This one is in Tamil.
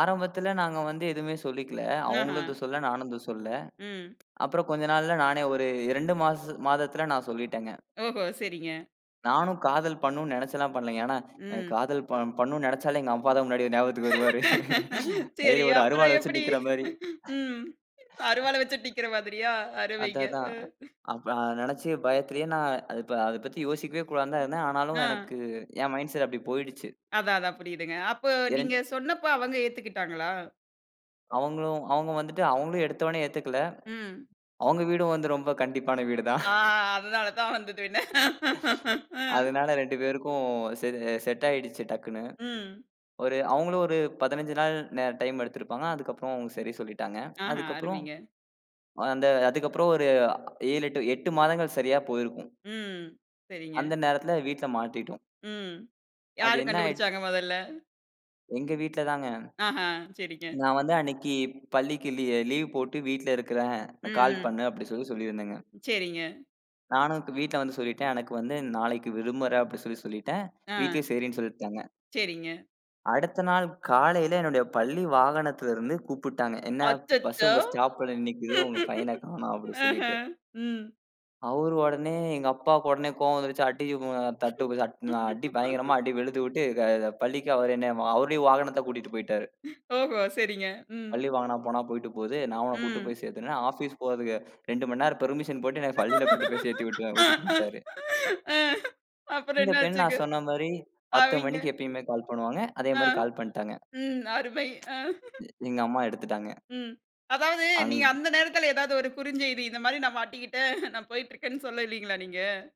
ஆரம்பத்துல நாங்க வந்து எதுவுமே சொல்லிக்கல. அவுங்களும் ஆஹ. எதுவும் சொல்லல. நானும் எதுவும் சொல்லல. ம். அப்புறம் கொஞ்ச நாள்ல நானே ஒரு 2 மாசம் மாதத்துல நான் சொல்லிட்டேங்க. ஓஹோ. சரிங்க. நானும் காதல் பண்ணனும்னு நெனைச்சுல்லாம் பண்ணலைங்க. ஏன்னா எ ம். காதல் பன் பண்ணணும்னு நெனைச்சாலே எங்க அப்பா தான் முன்னாடி ஞாபகத்துக்கு வருவாரு. சரி, கையில ஒரு அப்புறம் அருவால வச்சு எப்படி? நிக்கிற மாரி. ம். அருவாள வச்சு நிக்கிற மாதிரியா? அது அருமைங்க. அதான். அ. அப்ப நெனைச்சு பயத்துலயே நான் அத ப அத பத்தி யோசிக்கவே கூடாதான்னுதான் இருந்தேன். ஆனாலும் ஆ. எனக்கு என் மைன்ட் செட் அப்டி போயிடுச்சு. அதான் அதான் புரியுதுங்க. அப்போ இரண் நீங்கச் சொன்னப்ப அவங்க ஏத்துக்கிட்டாங்களா? அவுங்களும் அவுங்க வந்துட்டு அவங்க எடுத்தவுடனே ஏத்துக்கல. ம். அவங்க வீடும் ரொம்ப கண்டிப்பான வீடு தான். ஆ அதனாலதான் வந்தது வினை. அதனால 2 பேருக்கும் செரின் செட் ஆயிடுச்சு டக்குன்னு. ம். ஒரு அவுங்களும் ஒரு 15 நாள் ந டைம் எடுத்திருப்பாங்க. அதுக்கப்புறம் சரி சொல்லிட்டாங்க. ஆஹ அதுக்கப்புறம் அருமைங்க. அந்த அதுக்கப்புறம் ஒரு அ 7, 8, 8 மாதங்கள் சரியா போயிருக்கும். ம். சரிங்க. அந்த நேரத்துல வீட்டுல மாட்டிட்டோம். ம். அது யாரு என்ன ஆயிர்ச்சு. கண்டுபிடிச்சாங்க மொதல்ல? எங்க வீட்டுலதாங்க. ஆஹ. சரிங்க. நான் வந்து அன்னைக்கி பள்ளிக்கு லீ லீவு போட்டு வீட்டுல இருக்கிறேன். ம், கால் ம். பண்ணு அப்டி சொல்லி சொல்லிருந்தேங்க. சரிங்க. நானும் வீட்டுல வந்து சொல்லிட்டேன். எனக்கு வந்து நாளைக்கு விடுமுற அப்டின்னு சொல்லி சொல்லிட்டேன். வீட்டுல ஆ. சரின்னு சொல்லிட்டாங்க. சரிங்க. அடுத்த நாள் காலையில என்னோட பள்ளி வாகனத்துல இருந்து கூப்புட்டாங்க. "என்ன பஸ்சு அச்சச்சோ! உங்க ஸ்டாப்ல நிக்குது. உங்க பையன காணோம்" அப்டி சொல்லிட்டு. ம்ஹ்ம், ம். அவரு ஒடனே எங்க அப்பாக்கு ஒடனே கோவம் வந்துருச்சு. அடி ஒ தட்டு தட் அடி பயங்கரமா அடி வெளுத்து விட்டு க பள்ளிக்கு அவரே என்னை அவருடைய வாகனத்த கூட்டிட்டு போயிட்டாரு. ஓஹோ! சரிங்க. ம். பள்ளி வாகனம் போனா போயிட்டு போது. நான் உன்னக் கூட்டிட்டு ம். போய்ச் சேர்த்துர்றேன் ஆஃபீஸ் போறதுக்கு 2 மணி நேரம் பெர்மிஷன் போட்டு, என்னைப் பள்ளியில கொண்டு போய்ச் சேர்த்துவிட்டு விட்டுட்டு வன்ட்டாரு. அ அப்புறம் என்ன இந்தப் பெண் ஆச்சுங்க? நான் சொன்ன மாரி 10 அவெய்ங்க. மணிக்கு எப்பவுமே கால் பண்ணுவாங்க. அதே அ. மாரி கால் பண்ட்டாங்க. ம். அருமை, ஆ. எங்க அம்மா எடுத்துட்டாங்க. ம். அதாவது நீங்க அங் அந்த நேரத்துல ஏதாவது ஒரு குறுஞ்செய்தி இந்த மாதிரி நான் மாட்டிக்கிட்டேன். நான் போயிட்டு இருக்கேன்னு சொல்லல்லையா நீங்க?